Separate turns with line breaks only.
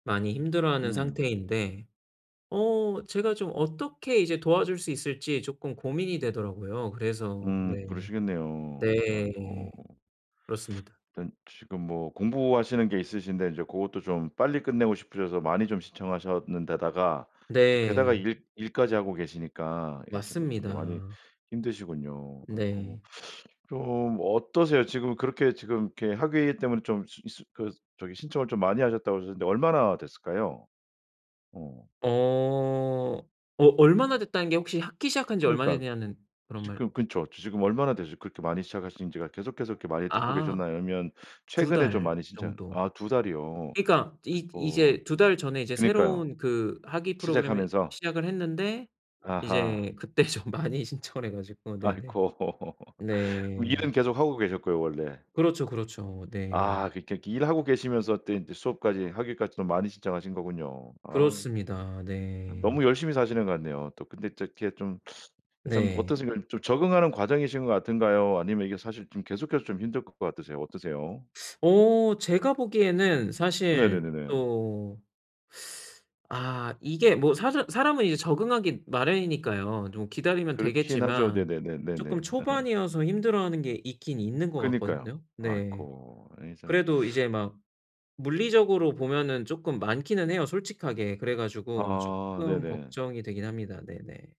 많이 힘들어하는
음.
상태인데 어 제가 좀 어떻게 이제 도와줄 수 있을지 쪼끔 고민이 되더라고요. 그래서
음,
네.
그러시겠네요.
네.
아이고.
그렇습니다.
일단 지금 뭐 공부하시는 게 있으신데 인제 그것도 좀 빨리 끝내고 싶으셔서 많이 좀 신청하셨는데다가 또 게다가
네.
일 일까지 하고 계시니까 이렇게 뭐 좀 더 많이
맞습니다.
힘드시군요. 아이고.
네.
좀 어떠세요? 지금 그렇게 지금 이렇게 학위 때문에 좀 시 시 그 저기 신청을 좀 많이 하셨다고 그러셨는데 얼마나 됐을까요? 어.
어 어 얼마나 됐다는 게 혹시 학기 시작한 지 얼마나
그러니까
됐냐는 그런 말
지금 근처 지금 얼마나 되셨 그렇게 많이 시작하신 지가 계속해서 이렇게 많이 듣고
아
계셨나요? 아니면
2
최근에 좀
달
많이 신청
정도.
아, 2 달이요.
그러니까 이
어.
이제 2 달 전에 이제
그러니까요.
새로운 그 학위 프로그램을
시작하면서.
시작을 했는데
아하.
이제 그때 좀 많이 신청을 해 가지고 네네
아이고 일은
네.
계속하고 계셨고요 원래.
그렇죠, 그렇죠. 네.
아, 그러니까 일하고 계시면서 또 인제 수업까지, 학위까지 좀 많이 신청하신 거군요. 아유.
그렇습니다. 네.
너무 열심히 사시는 것 같네요. 또 근데 이렇게 좀 좀
네.
어떠신 좀 적응하는 과정이신 것 같은가요? 아니면 이게 사실 좀 계속해서 좀 힘들 것 같으세요? 어떠세요?
어 제가 보기에는 사실
네네네네.
또 아 이게 뭐 사서 사람은 이제 적응하기 마련이니까요. 좀 기다리면
그렇긴 하죠.
되겠지만
네네네네
쪼끔
네.
초반이어서 힘들어하는 게 있긴 있는 것
그러니까요.
같거든요. 네
아이고 아이 참.
그래도 이제 막 물리적으로 보면은 쪼끔 많기는 해요 솔직하게. 그래가지고
아
쪼끔
네네.
걱정이 되긴 합니다. 네네.